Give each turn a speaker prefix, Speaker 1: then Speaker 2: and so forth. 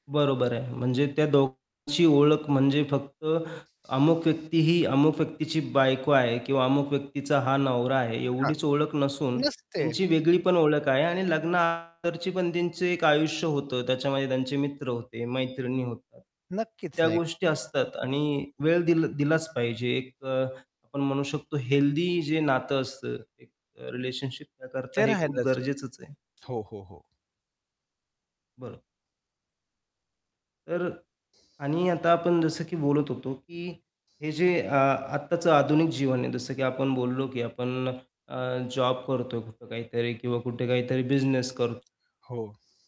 Speaker 1: बरोबर आहे. म्हणजे त्या दोघांची ओळख म्हणजे फक्त अमुक व्यक्ती ही, अमुक व्यक्तीची बायको आहे किंवा अमुक व्यक्तीचा हा नवरा आहे,
Speaker 2: हां,
Speaker 1: एवढीच ओळख नसून
Speaker 2: नसते.
Speaker 1: त्यांची वेगळी पण ओळख आहे आणि लग्ना अगोदरची पण त्यांचे एक आयुष्य होतं, त्याच्यामध्ये त्यांचे मित्र होते, मैत्रिणी होत्या,
Speaker 2: नक्कीच.
Speaker 1: त्या
Speaker 2: नाही का.
Speaker 1: गोष्टी असतात आणि वेळ दिल दिलाच पाहिजे, एक अ, आपण म्हणू शकतो हेल्दी जे नातं असतं एक अ, रिलेशनशिप त्या करता
Speaker 2: ते
Speaker 1: हे खूप
Speaker 2: राहायलाच.
Speaker 1: गरजेचंच आहे.
Speaker 2: हो, हो, हो.
Speaker 1: बरं. तर अ, आणि आता आपण जसं की बोलत होतो, की हे जे अ, आत्ताचं आधुनिक जीवन आहे, जसं की आपण बोललो, की आपण अ, जॉब करतोय कुठं काहीतरी किंवा कुठे काहीतरी बिझनेस कर
Speaker 2: हो.